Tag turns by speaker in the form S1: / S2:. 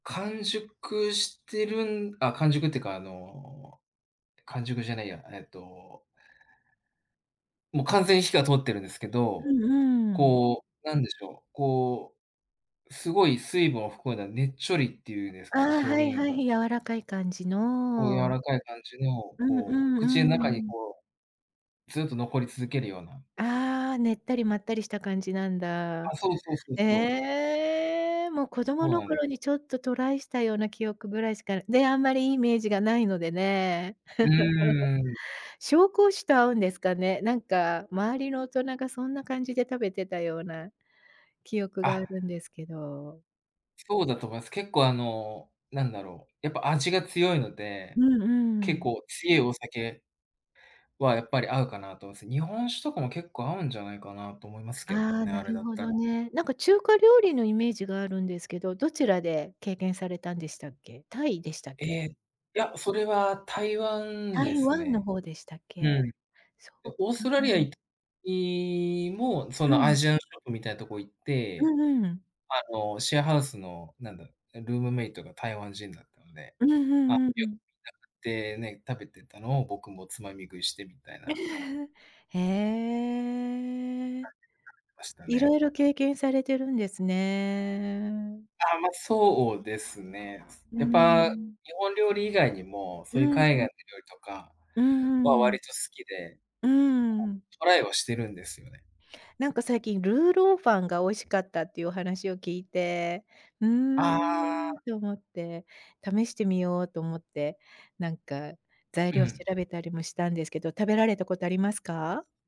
S1: 完熟してるんあ、完熟っていうか、あの、完熟じゃないや、えっともう完全に火は通ってるんですけ
S2: う
S1: ど、
S2: ん、うーん。
S1: こう、なんでしょう、こう、すごい水分を含んだ、ねちょりっていうんです
S2: あ
S1: かね、
S2: あ、はい
S1: 表
S2: は
S1: 現
S2: い、
S1: が
S2: 柔らかい感じ
S1: こう柔
S2: の。
S1: らかい感じの、
S2: うんう
S1: こう、
S2: ん
S1: 口の
S2: う
S1: 中に
S2: ん。
S1: こう、ずっと残り続けるような
S2: ああ、ねったりまったりした感じなんだ。
S1: あ、そうそう、そうそう。
S2: ええ。もう子供
S1: そう
S2: の
S1: なん
S2: 頃にちょっとトライしたような記憶ぐらいしかね、あんまりいいイメージがないのでね。
S1: うーん。
S2: 紹興酒と合うんですかね？なんか周りの大人がそんな感じで食べてたような記憶
S1: あ
S2: があ
S1: っ。
S2: るんですけど。
S1: そうだと思います。結構あの、なんだろう、やっぱ味が強いの
S2: う
S1: で、
S2: んう
S1: 結
S2: ん。
S1: 構強いお酒はやっぱり合うかなと思います。日本酒とかも結構合うんじゃないかなと思いますけど
S2: ああ、
S1: ね、
S2: な
S1: あれ
S2: る
S1: だっ
S2: ほ
S1: た
S2: ど
S1: ら。
S2: ね。なんか中華料理のイメージがあるんですけど、どちらで経験されたんでしたっけ？タイでしたっ
S1: え
S2: け？
S1: え、いや、それは台湾で
S2: 台
S1: す
S2: 湾の
S1: ね。
S2: 方でしたっ
S1: う
S2: け？
S1: ん。で、
S2: そっ
S1: オー
S2: か。
S1: ストラリアいいも、そ
S2: う
S1: のア
S2: ん。
S1: ジアンショップみたいなとこ行っ
S2: う
S1: て、
S2: んうん。
S1: あの、シェアハウスの、なんだ、ルームメイトが台湾人だったので、
S2: うんう
S1: あ、よ
S2: んうんうん。
S1: くみんなでね、食べてたのを僕もつまみ食いしてみたいな。
S2: へ
S1: 感じで食べ
S2: え。
S1: てました
S2: いろ
S1: ね。
S2: いろ経験されてるんですね。
S1: ああ、まあ、そうですね。
S2: うー
S1: やっぱ、
S2: ん。
S1: 日本料理以外にも、
S2: う
S1: そういう
S2: ー
S1: 海外の料
S2: ん。
S1: 理とか、
S2: うー
S1: は
S2: ん。
S1: 割と好きで、こ
S2: うーん。
S1: うトライはしてるんですよね。
S2: なんか最近ルーローファンが美味しかったっていうお話を聞いて、うー
S1: あ
S2: ん
S1: あ。
S2: と思って、試してみようと思って、なんか、材
S1: う
S2: 料調
S1: ん。
S2: べたりもしたんですけど、食べられたことありますか？